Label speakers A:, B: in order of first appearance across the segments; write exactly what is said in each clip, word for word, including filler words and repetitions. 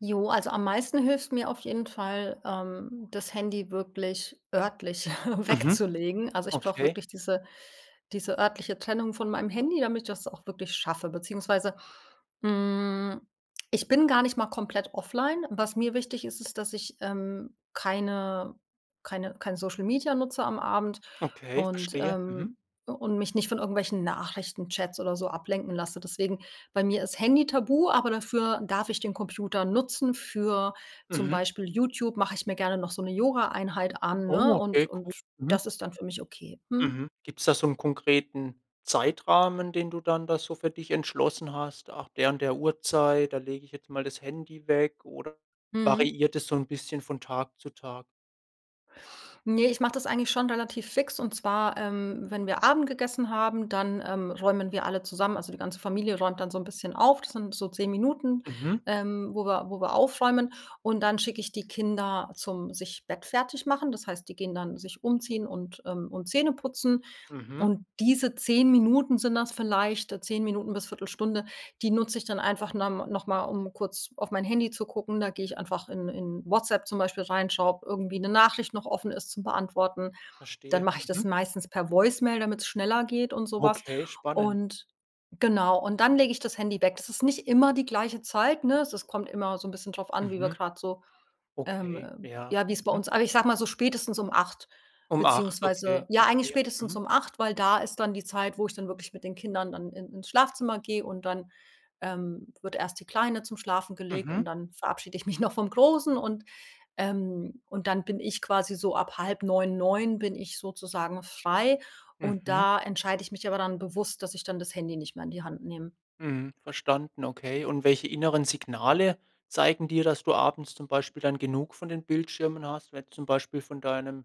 A: Jo, also am meisten hilft's mir auf jeden Fall, ähm, das Handy wirklich örtlich
B: Mhm.
A: wegzulegen. Also, ich brauche
B: Okay.
A: wirklich diese diese örtliche Trennung von meinem Handy, damit ich das auch wirklich schaffe. Beziehungsweise, hm, ich bin gar nicht mal komplett offline. Was mir wichtig ist, ist, dass ich, ähm, keine keine kein Social Media nutze am Abend
B: Okay,
A: und,
B: verstehe. Mhm.
A: ähm u und mich nicht von irgendwelchen Nachrichtenchats oder so ablenken lasse. Deswegen bei mir ist Handy tabu, aber dafür darf ich den Computer nutzen für zum
B: Mhm.
A: Beispiel YouTube mache ich mir gerne noch so 'ne Yogaeinheit an, ne,
B: Oh,
A: und
B: okay cool.
A: und
B: Mhm.
A: das ist dann für mich okay. Mhm.
B: Mhm. Gibt's da so 'n konkreten Zeitrahmen, den du dann da so für dich entschlossen hast? Nach der und der Uhrzeit, da lege ich jetzt mal das Handy weg oder
A: Mhm.
B: variiert das so 'n bisschen von Tag zu Tag?
A: Ne, ich mache das eigentlich schon relativ fix und zwar, ähm, wenn wir Abend gegessen haben, dann, ähm, räumen wir alle zusammen also, die ganze Familie räumt dann so 'n bisschen auf. Das sind so zehn Minuten,
B: Mhm.
A: ähm, wo wir wo wir aufräumen und dann schicke ich die Kinder zum Sich bettfertig machen. Das heißt, die gehen dann sich umziehen und, ähm und Zähne putzen
B: Mhm.
A: und diese zehn Minuten sind das vielleicht, äh, zehn Minuten bis Viertel Stunde, die nutze ich dann einfach norm noch mal, um kurz auf mein Handy zu gucken. Da gehe ich einfach in in Whatsapp zum Beispiel rein, schaue ob irgendwie 'ne Nachricht noch offen ist zum Beantworten. Dann
B: Verstehe.
A: mache ich das
B: Mhm.
A: meistens per Voicemail, damit's schneller geht und so was
B: Okay, spannend.
A: und genau, und dann lege ich das Handy weg. Das ist nicht immer die gleiche Zeit, ne? Also, es kommt immer so 'n bisschen drauf an, wie wir
B: Mhm.
A: grade so, ähm,
B: Okay.
A: äh
B: Ja.
A: ja, wie's bei
B: Mhm.
A: uns aber ich sage mal so spätestens um acht
B: Um acht,
A: beziehungsweise
B: okay,
A: ja, eigentlich
B: verstehe.
A: spätestens
B: Mhm.
A: um acht, weil da ist dann die Zeit, wo ich dann wirklich mit den Kindern dann in ins Schlafzimmer gehe und dann, ähm, wird erst die Kleine zum Schlafen gelegt
B: Mhm.
A: und dann verabschiede ich mich noch vom Großen und, ähm und dann bin ich quasi so ab neun bin ich sozusagen frei und
B: Mhm.
A: da entscheide ich mich aber dann bewusst, dass ich dann das Handy nicht mehr in die Hand nehme.
B: Mhm. Verstanden, okay, und welche inneren Signale zeigen dir, dass du abends zum Beispiel dann genug von den Bildschirmen hast, wenn zum Beispiel von deinem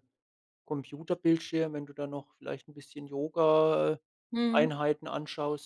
B: Computerbildschirm wenn du dann noch vielleicht 'n bisschen Yoga äh,
A: Mhm.
B: Einheiten anschaust?